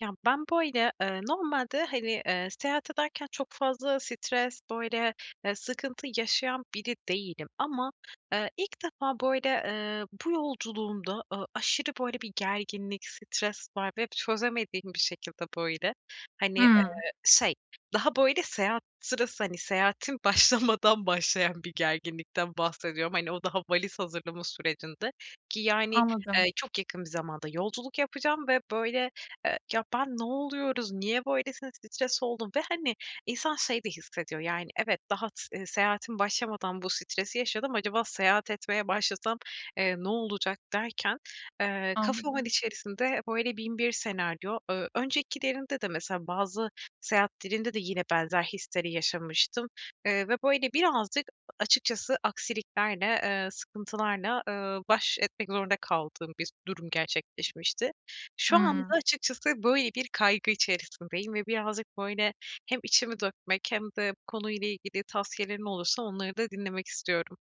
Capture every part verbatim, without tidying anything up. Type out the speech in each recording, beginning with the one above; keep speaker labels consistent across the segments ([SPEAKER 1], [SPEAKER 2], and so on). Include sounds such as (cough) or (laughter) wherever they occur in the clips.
[SPEAKER 1] Ya, ben, böyle, eee, normalde, hani, eee, seyahat ederken çok fazla stres, böyle, e, sıkıntı yaşayan biri değilim ama, eee, ilk defa böyle, ııı, bu yolculuğumda a aşırı böyle bir gerginlik stres var ve çözemediğim bir şekilde, böyle, hani, eee,
[SPEAKER 2] Hımm.
[SPEAKER 1] şey daha böyle seyahat sırası, hani, seyahatin başlamadan başlayan bir gerginlikten bahsediyorum. Hani, o daha valiz hazırlama sürecinde, ki yani,
[SPEAKER 2] Anladım.
[SPEAKER 1] eee, çok yakın bir zamanda yolculuk yapacağım ve böyle, ııı ya ben ne oluyoruz, niye böylesine stres oldum ve, hani, insan şey de hissediyor, yani, evet, daha s ııı, seyahatim başlamadan bu stresi yaşadım acaba seyahat etmeye başlasam, eee, ne olacak derken, eee, kafamın
[SPEAKER 2] Anladım.
[SPEAKER 1] içerisinde böyle bin bir senaryo, eee, öncekilerinde de mesela bazı seyahatlerimde de yine benzer hisleri yaşamıştım. Iıı, ve böyle birazcık a açıkçası aksiliklerle, eee, sıkıntılarla, ııı, baş etmek zorunda kaldığım bir durum gerçekleşmişti. Şu anda,
[SPEAKER 2] Hımm.
[SPEAKER 1] açıkçası böyle bir kaygı içerisindeyim ve birazcık böyle hem içimi dökmek hem de bu konuyla ilgili tavsiyelerin olursa onları da dinlemek istiyorum.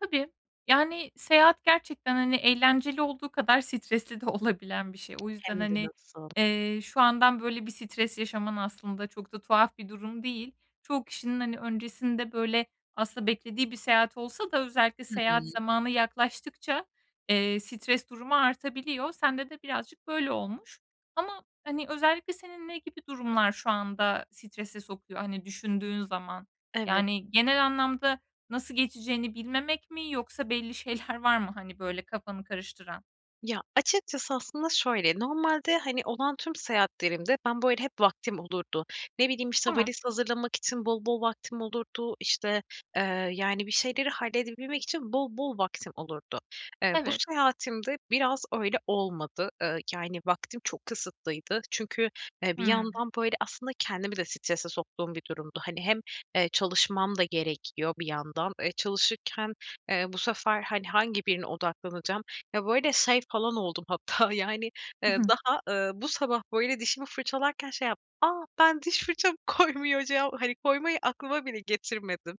[SPEAKER 2] Tabii. Yani, seyahat gerçekten, hani, eğlenceli olduğu kadar stresli de olabilen bir şey. O yüzden,
[SPEAKER 1] Hem de
[SPEAKER 2] hani,
[SPEAKER 1] nasıl...
[SPEAKER 2] eee, şu andan böyle bir stres yaşaman aslında çok da tuhaf bir durum değil. Çoğu kişinin, hani, öncesinde, böyle, aslında beklediği bir seyahat olsa da özellikle
[SPEAKER 1] Hı hı.
[SPEAKER 2] seyahat zamanı yaklaştıkça, eee, stres durumu artabiliyor. Sende de birazcık böyle olmuş. Ama, hani, özellikle senin ne gibi durumlar şu anda strese sokuyor? Hani, düşündüğün zaman.
[SPEAKER 1] Evet.
[SPEAKER 2] Yani, genel anlamda nasıl geçeceğini bilmemek mi yoksa belli şeyler var mı, hani, böyle kafanı karıştıran?
[SPEAKER 1] Ya açıkçası aslında şöyle, normalde, hani, olan tüm seyahatlerimde ben, böyle, hep vaktim olurdu. Ne bileyim, işte,
[SPEAKER 2] Tamam.
[SPEAKER 1] valiz hazırlamak için bol bol vaktim olurdu işte, eee, yani, bir şeyleri halledebilmek için bol bol vaktim olurdu. Eee, bu
[SPEAKER 2] Evet.
[SPEAKER 1] seyahatimde biraz öyle olmadı. Eee, yani, vaktim çok kısıtlıydı. Çünkü, eee, bir
[SPEAKER 2] Hımm.
[SPEAKER 1] yandan böyle aslında kendimi de strese soktuğum bir durumdu. Hani, hem, eee, çalışmam da gerekiyor bir yandan, e, çalışırken, eee, bu sefer, hani, hangi birine odaklanacağım ve böyle şey falan oldum hatta yani,
[SPEAKER 2] Hı
[SPEAKER 1] eee,
[SPEAKER 2] hı.
[SPEAKER 1] daha, ııı, bu sabah böyle dişimi fırçalarken şey yaptım, "Aaa, ben diş fırçamı koymayacağım!" hani, koymayı aklıma bile getirmedim.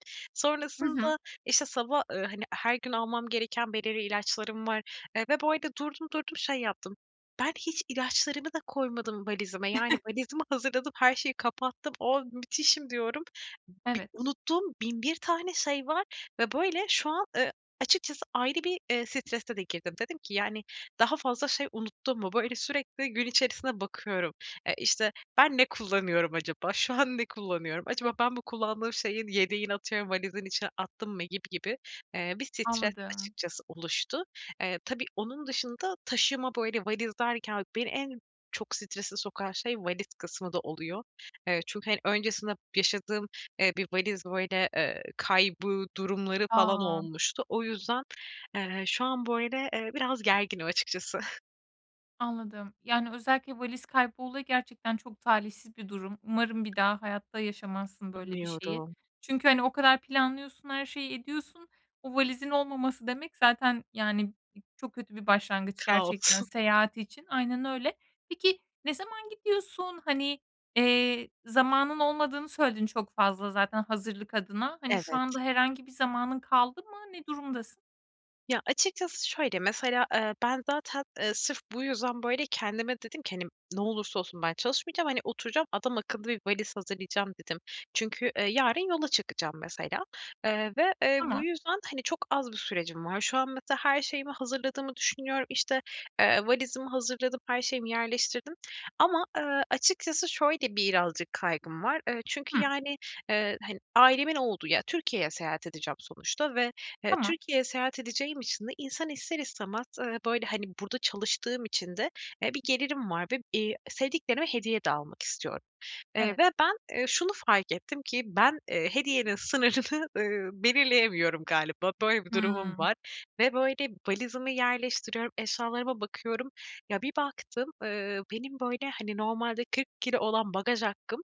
[SPEAKER 2] Hı hı.
[SPEAKER 1] Sonrasında işte sabah, eee, hani her gün almam gereken belirli ilaçlarım var, eee, ve bu arada durdum durdum şey yaptım, "Ben hiç ilaçlarımı da koymadım valizime." Yani
[SPEAKER 2] (chuckles)
[SPEAKER 1] valizimi hazırladım her şeyi kapattım, oh müthişim diyorum. Bi
[SPEAKER 2] Evet.
[SPEAKER 1] unuttuğum bin bir tane şey var ve, böyle, şu an, eee, açıkçası ayrı bir, eee, strese de girdim. Dedim ki yani "Daha fazla şey unuttun mu?" Böyle sürekli gün içerisinde bakıyorum, e, işte ben ne kullanıyorum acaba şu an ne kullanıyorum acaba ben bu kullandığım şeyin yedeğini atıyorum "Valizin içine attım mı?" gibi gibi, eee, bir stres
[SPEAKER 2] Anladım.
[SPEAKER 1] açıkçası oluştu. Eee, tabii onun dışında taşıma böyle valiz derken beni en çok strese sokan şey valiz kısmı da oluyor. Eee, çünkü, hani, öncesinde yaşadığım, eee, bir valiz böyle, eee, kaybı durumları falan
[SPEAKER 2] A!
[SPEAKER 1] olmuştu. O yüzden, eee, şu an böyle, eee, biraz gerginim açıkçası.
[SPEAKER 2] Anladım. Yani, özellikle valiz kaybı olayı gerçekten çok talihsiz bir durum. Umarım bir daha hayatta yaşamazsın böyle bir şeyi.
[SPEAKER 1] Umuyorum.
[SPEAKER 2] Çünkü, hani, o kadar planlıyorsun, her şeyi ediyorsun. Bu valizin olmaması demek zaten yani b çok kötü bir başlangıç
[SPEAKER 1] Kaos.
[SPEAKER 2] gerçekten
[SPEAKER 1] (chuckles)
[SPEAKER 2] seyahat için. Aynen öyle. Peki ne zaman gidiyorsun? Hani, eee, zamanın olmadığını söyledin çok fazla zaten hazırlık adına. Hani, şu
[SPEAKER 1] Evet.
[SPEAKER 2] anda herhangi bir zamanın kaldı mı? Ne durumdasın?
[SPEAKER 1] Ya açıkçası şöyle mesela, ııı, ben zaten, ııı, sırf bu yüzden, böyle, kendime dedim ki, hani, "Ne olursa olsun ben çalışmayacağım. Hani, oturacağım adam akıllı bir valiz hazırlayacağım." dedim. Çünkü, eee, yarın yola çıkacağım mesela, eee, ve eee bu
[SPEAKER 2] Tamam.
[SPEAKER 1] yüzden, hani, çok az bir sürecim var. Şu an mesela her şeyimi hazırladığımı düşünüyorum işte, eee, valizimi hazırladım, her şeyimi yerleştirdim ama, ııı, açıkçası şöyle birazcık kaygım var. Iıı, çünkü
[SPEAKER 2] Hıı.
[SPEAKER 1] yani, ııı, hani ailemin olduğu ya, Türkiye'ye seyahat edeceğim sonuçta ve, eee,
[SPEAKER 2] Tamam.
[SPEAKER 1] Türkiye'ye seyahat edeceğim için de insan ister istemez eee, böyle, hani, burada çalıştığım için de bir gelirim var, eee, ve sevdiklerime hediye de almak istiyorum, ııı,
[SPEAKER 2] Evet.
[SPEAKER 1] ve ben, eee, şunu fark ettim ki ben, eee, hediyenin sınırını, ııı, belirleyemiyorum galiba. Böyle bir durumum
[SPEAKER 2] Hımm.
[SPEAKER 1] var ve, böyle, valizimi yerleştiriyorum, eşyalarıma bakıyorum. Ya, bir baktım, ııı, benim, böyle, hani, normalde kırkı kilo olan bagaj hakkım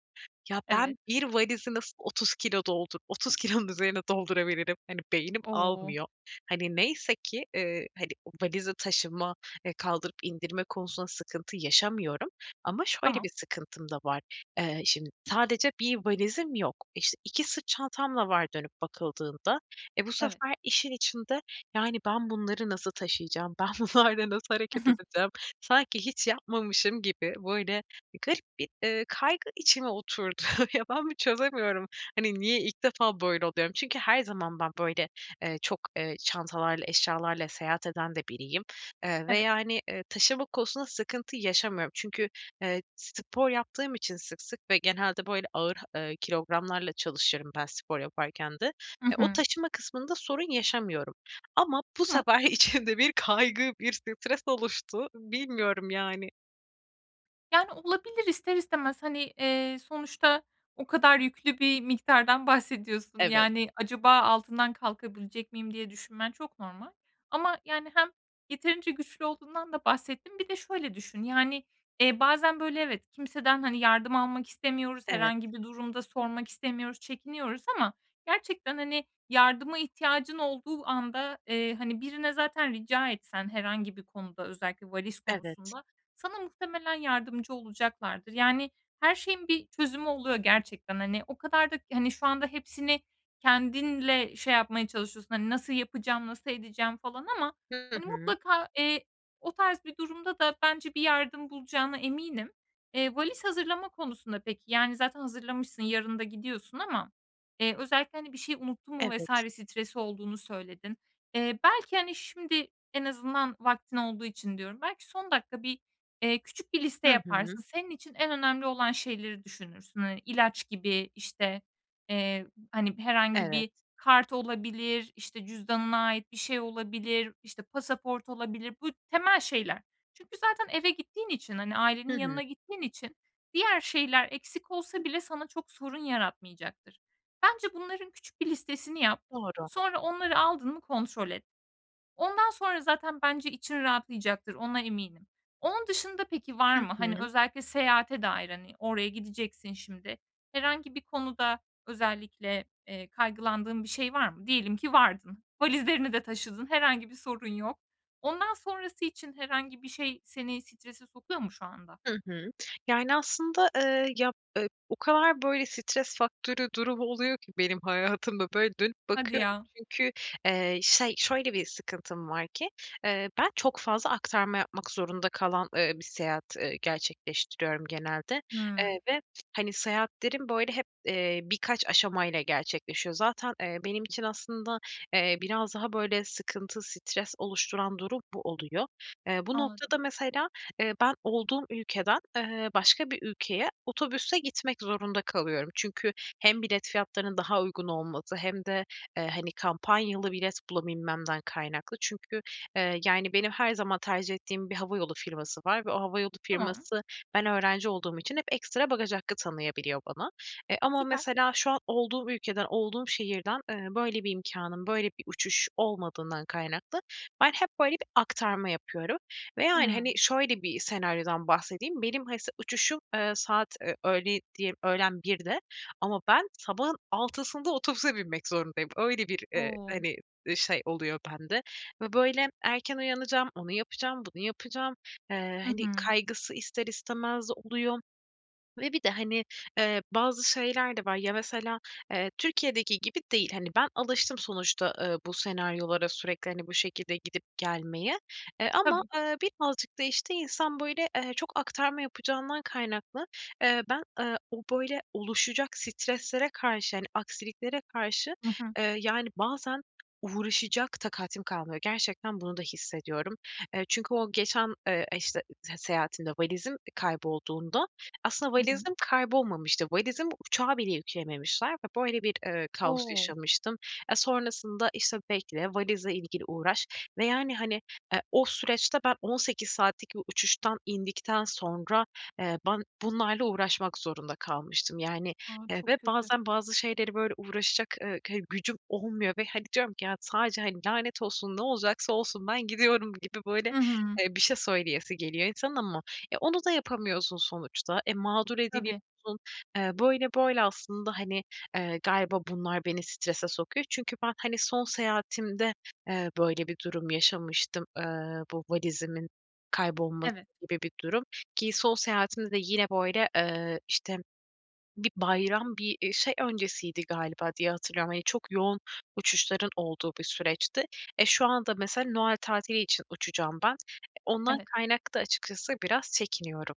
[SPEAKER 1] ya,
[SPEAKER 2] Evet.
[SPEAKER 1] ben bir valizi nasıl otuz kilo doldur otuz kilonun üzerine doldurabilirim, hani, beynim
[SPEAKER 2] O!
[SPEAKER 1] almıyor. Hani, neyse ki, ııı, hani, valize taşıma kaldırıp indirme konusunda sıkıntı yaşamıyorum ama şöyle
[SPEAKER 2] Tamam.
[SPEAKER 1] bir sıkıntım da var. Eee, şimdi sadece bir valizim yok işte, iki sırt çantam da var dönüp bakıldığında, eee, bu
[SPEAKER 2] Evet.
[SPEAKER 1] sefer işin içinde yani, "Ben bunları nasıl taşıyacağım, ben bunlarla nasıl hareket
[SPEAKER 2] (chuckles)
[SPEAKER 1] edeceğim?" Sanki hiç yapmamışım gibi böyle garip bir ııı kaygı içime oturdu. Ya, ben mi çözemiyorum? Hani, niye ilk defa böyle oluyorum? Çünkü her zaman ben böyle, eee, çok, eee, çantalarla eşyalarla seyahat eden de biriyim
[SPEAKER 2] Evet.
[SPEAKER 1] veya hani, eee, taşıma konusunda sıkıntı yaşamıyorum. Çünkü, eee, spor yaptığım için sık sık ve genelde böyle ağır, eee, kilogramlarla çalışıyorum ben spor yaparken de.
[SPEAKER 2] Hı
[SPEAKER 1] Eee, o
[SPEAKER 2] hı.
[SPEAKER 1] taşıma kısmında sorun yaşamıyorum ama bu
[SPEAKER 2] Tamam.
[SPEAKER 1] sefer içimde bir kaygı, bir stres oluştu bilmiyorum, yani.
[SPEAKER 2] Yani olabilir ister istemez hani, eee, sonuçta o kadar yüklü bir miktardan bahsediyorsun
[SPEAKER 1] Evet.
[SPEAKER 2] yani "Acaba altından kalkabilecek miyim?" diye düşünmen çok normal. Ama yani hem yeterince güçlü olduğundan da bahsettin. Bir de şöyle düşün, yani, iii, bazen böyle, evet, kimseden hani yardım almak istemiyoruz,
[SPEAKER 1] Evet.
[SPEAKER 2] herhangi bir durum da sormak istemiyoruz, çekiniyoruz ama gerçekten, hani, yardıma ihtiyacın olduğu anda, eee, hani, birine zaten rica etsen herhangi bir konuda, özellikle valiz
[SPEAKER 1] Evet.
[SPEAKER 2] konusunda sana muhtemelen yardımcı olacaklardır. Yani her şeyin bir çözümü oluyor gerçekten. Hani, o kadar da hani şu anda hepsini kendinle şey yapmaya çalışıyorsun. "Hani nasıl yapacağım, nasıl edeceğim?" falan ama
[SPEAKER 1] Hı
[SPEAKER 2] hani
[SPEAKER 1] hı.
[SPEAKER 2] mutlaka, eee, o tarz bir durumda da bence bir yardım bulacağına eminim. Eee, valiz hazırlama konusunda peki, yani zaten hazırlamışsın yarın da gidiyorsun ama, eee, özellikle hani "Bir şeyi unuttun mu?" vs.
[SPEAKER 1] Evet.
[SPEAKER 2] stresi olduğunu söyledin. Eee, belki, hani, şimdi en azından vaktin olduğu için diyorum. Belki son dakika bir, eee, küçük bir liste
[SPEAKER 1] Hı hı.
[SPEAKER 2] yaparsın. Senin için en önemli olan şeyleri düşünürsün. Hani ilaç gibi işte, eee, hani, herhangi bir
[SPEAKER 1] Evet.
[SPEAKER 2] kart olabilir, işte, cüzdanına ait bir şey olabilir, işte, pasaport olabilir. Bu temel şeyler. Çünkü zaten eve gittiğin için hani ailenin
[SPEAKER 1] Hı
[SPEAKER 2] yanına
[SPEAKER 1] hı.
[SPEAKER 2] gittiğin için diğer şeyler eksik olsa bile sana çok sorun yaratmayacaktır. Bence bunların küçük bir listesini yap.
[SPEAKER 1] Doğru.
[SPEAKER 2] Sonra onları aldın mı kontrol et. Ondan sonra zaten bence için rahatlayacaktır. Ona eminim. Onun dışında peki var
[SPEAKER 1] Hı
[SPEAKER 2] mı? Hani
[SPEAKER 1] hı.
[SPEAKER 2] özellikle seyahate dair hani oraya gideceksin şimdi herhangi bir konuda özellikle, eee, kaygılandığın bir şey var mı? Diyelim ki vardın, valizlerini de taşıdın, herhangi bir sorun yok. Ondan sonrası için herhangi bir şey seni strese sokuyor mu şu anda?
[SPEAKER 1] Hı hı. Yani aslında, eee, ya, eee, o kadar böyle stres faktörü durum oluyor ki benim hayatımda böyle dönüp
[SPEAKER 2] Hadi
[SPEAKER 1] bakıyorum.
[SPEAKER 2] ya!
[SPEAKER 1] Çünkü, eee, şey, şöyle bir sıkıntım var ki, eee, ben çok fazla aktarma yapmak zorunda kalan, ııı, bir seyahat, ııı, gerçekleştiriyorum genelde.
[SPEAKER 2] Hımm.
[SPEAKER 1] Eee, ve hani seyahatlerim böyle hep, ııı, birkaç aşama ile gerçekleşiyor. Zaten, eee, benim için aslında, eee, biraz daha böyle sıkıntı, stres oluşturan durum bu oluyor. Eee, bu
[SPEAKER 2] Anladım.
[SPEAKER 1] noktada mesela, ııı, ben olduğum ülkeden, ııı, başka bir ülkeye otobüsle gitmek zorunda kalıyorum. Çünkü hem bilet fiyatlarının daha uygun olması hem de, eee, hani kampanyalı bilet bulabilmemden kaynaklı. Çünkü, eee, yani benim her zaman tercih ettiğim bir havayolu firması var ve o havayolu
[SPEAKER 2] Tamam.
[SPEAKER 1] firması ben öğrenci olduğum için hep ekstra bagaj hakkı tanıyabiliyor bana. E, ama
[SPEAKER 2] Süper.
[SPEAKER 1] mesela şu an olduğum ülkeden, olduğum şehirden, ııı, böyle bir imkânım, böyle bir uçuş olmadığından kaynaklı ben hep böyle bir aktarma yapıyorum ve yani, hani,
[SPEAKER 2] Hımm.
[SPEAKER 1] şöyle, bir senaryodan bahsedeyim: Benim ha s uçuşum, eee, saat, eee, öğle diye öğlen birde ama ben sabahın altısında otobüse binmek zorundayım. Öyle bir, eee,
[SPEAKER 2] O!
[SPEAKER 1] hani, eee, şey oluyor bende ve böyle erken uyanacağım, onu yapacağım, bunu yapacağım. Eee,
[SPEAKER 2] Hı
[SPEAKER 1] hani
[SPEAKER 2] hı.
[SPEAKER 1] kaygısı ister istemez oluyor ve bir de hani, eee, bazı şeyler de var. Ya, mesela, eee, Türkiye'deki gibi değil, hani, ben alıştım sonuçta, eee, bu senaryolara sürekli hani bu şekilde gidip gelmeye, eee, ama,
[SPEAKER 2] Tabii.
[SPEAKER 1] ııı, birazcık da, işte, insan böyle, eee, çok aktarma yapacağından kaynaklı, eee, ben, ııı, o böyle oluşacak streslere karşı yani aksiliklere karşı,
[SPEAKER 2] Hı hı.
[SPEAKER 1] ııı, yani, bazen uğraşacak takatim kalmıyor. Gerçekten bunu da hissediyorum. Eee, çünkü o geçen, eee, işte, ııı, seyahatimde valizim, eee, kaybolduğunda, aslında
[SPEAKER 2] Hı hı.
[SPEAKER 1] valizim kaybolmamıştı. Valizimi uçağa bile yükleyememişler ve böyle bir, eee, kaos
[SPEAKER 2] O!
[SPEAKER 1] yaşamıştım. E, sonrasında, işte, bekle, valizle ilgili uğraş ve yani, hani, ııı, o süreçte ben on sekiz saatlik bir uçuştan indikten sonra, eee, ben bunlarla uğraşmak zorunda kalmıştım. Yani
[SPEAKER 2] A,
[SPEAKER 1] ve
[SPEAKER 2] çok kötü!
[SPEAKER 1] bazen bazı şeyleri böyle uğraşacak, ııı, ke gücüm olmuyor ve hani diyorum ki; ya, sadece, hani, "Lanet olsun, ne olacaksa olsun, ben gidiyorum." gibi böyle,
[SPEAKER 2] Hı hı.
[SPEAKER 1] eee, bir şey söyleyesi geliyor insanın ama e, onu da yapamıyorsun sonuçta e, mağdur
[SPEAKER 2] Tabii.
[SPEAKER 1] ediliyorsun. Eee, böyle böyle aslında, hani, eee, galiba bunlar beni strese sokuyor. Çünkü ben, hani, son seyahatimde, eee, böyle bir durum yaşamıştım. Eee, bu valizimin kaybolması
[SPEAKER 2] Evet.
[SPEAKER 1] gibi bir durum, ki son seyahatimde de yine böyle, eee, işte bir bayram bir, eee, şey öncesiydi galiba diye hatırlıyorum. Hani çok yoğun uçuşların olduğu bir süreçti. E, şu anda mesela Noel tatili için uçacağım ben. Ondan
[SPEAKER 2] Evet.
[SPEAKER 1] kaynaklı da açıkçası biraz çekiniyorum.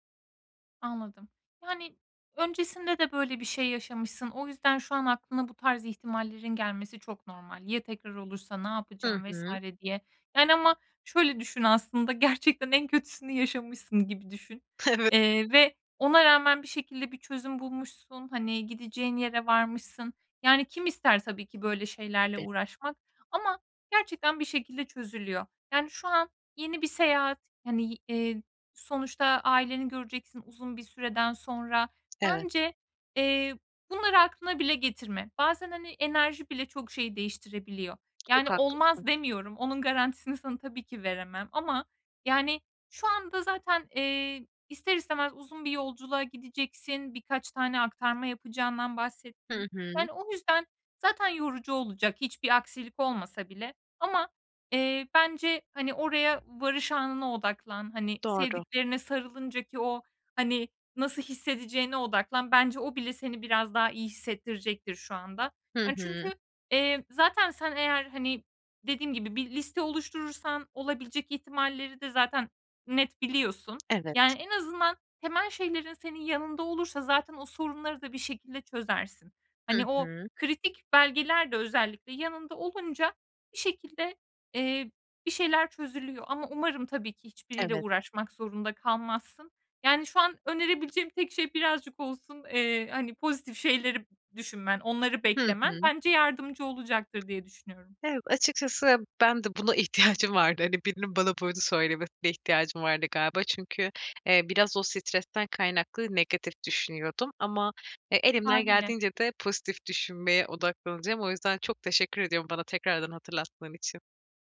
[SPEAKER 2] Anladım. Yani, öncesinde de böyle bir şey yaşamışsın. O yüzden, şu an aklına bu tarz ihtimallerin gelmesi çok normal. Ya tekrar olursa ne
[SPEAKER 1] Hı
[SPEAKER 2] yapacağım vs.
[SPEAKER 1] hı.
[SPEAKER 2] diye. Yani, ama şöyle düşün, aslında gerçekten en kötüsünü yaşamışsın gibi düşün,
[SPEAKER 1] Evet.
[SPEAKER 2] eee, ve ona rağmen bir şekilde bir çözüm bulmuşsun. Hani, gideceğin yere varmışsın. Yani, kim ister tabii ki böyle şeylerle
[SPEAKER 1] Tabii.
[SPEAKER 2] uğraşmak ama gerçekten bir şekilde çözülüyor. Yani, şu an yeni bir seyahat, hani, eee, sonuçta aileni göreceksin uzun bir süreden sonra.
[SPEAKER 1] Evet.
[SPEAKER 2] Bence, eee, bunları aklına bile getirme. Bazen, hani, enerji bile çok şey değiştirebiliyor. Yani,
[SPEAKER 1] Çok haklısın.
[SPEAKER 2] olmaz demiyorum. Onun garantisini sana tabii ki veremem ama, yani, şu anda zaten, eee, ister istemez uzun bir yolculuğa gideceksin. Birkaç tane aktarma yapacağından bahsettin.
[SPEAKER 1] Hı hı.
[SPEAKER 2] Yani, o yüzden, zaten yorucu olacak hiçbir aksilik olmasa bile. Ama, eee, bence, hani, oraya varış anına odaklan, hani,
[SPEAKER 1] Doğru.
[SPEAKER 2] sevdiklerine sarılınca ki o, hani, nasıl hissedeceğine odaklan, bence o bile seni biraz daha iyi hissettirecektir şu anda.
[SPEAKER 1] Hı
[SPEAKER 2] Hani,
[SPEAKER 1] hı.
[SPEAKER 2] çünkü, eee, zaten sen, eğer, hani, dediğim gibi bir liste oluşturursan, olabilecek ihtimalleri de zaten net biliyorsun.
[SPEAKER 1] Evet.
[SPEAKER 2] Yani, en azından temel şeylerin, senin yanında olursa zaten o sorunları da bir şekilde çözersin.
[SPEAKER 1] Hı
[SPEAKER 2] Hani, o
[SPEAKER 1] hı.
[SPEAKER 2] kritik belgeler de özellikle yanında olunca bir şekilde, eee, bir şeyler çözülüyor. Ama umarım tabii ki hiçbiriyle
[SPEAKER 1] Evet.
[SPEAKER 2] uğraşmak zorunda kalmazsın. Yani, şu an önerebileceğim tek şey birazcık olsun, eee, hani, pozitif şeyleri düşünmen, onları
[SPEAKER 1] Hı
[SPEAKER 2] beklemen,
[SPEAKER 1] hı.
[SPEAKER 2] bence yardımcı olacaktır diye düşünüyorum.
[SPEAKER 1] Ev açıkçası, ben de buna ihtiyacım vardı, hani, birinin bana böyle söylemesine ihtiyacım vardı galiba. Çünkü, eee, biraz o stresten kaynaklı negatif düşünüyordum ama, e, elimden
[SPEAKER 2] Hâliyle.
[SPEAKER 1] geldiğince de pozitif düşünmeye odaklanacağım. O yüzden çok teşekkür ediyorum bana tekrardan hatırlattığın için.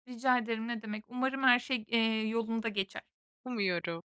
[SPEAKER 2] Rica ederim ne demek. Umarım her şey, g eee, yolunda geçer.
[SPEAKER 1] Umuyorum.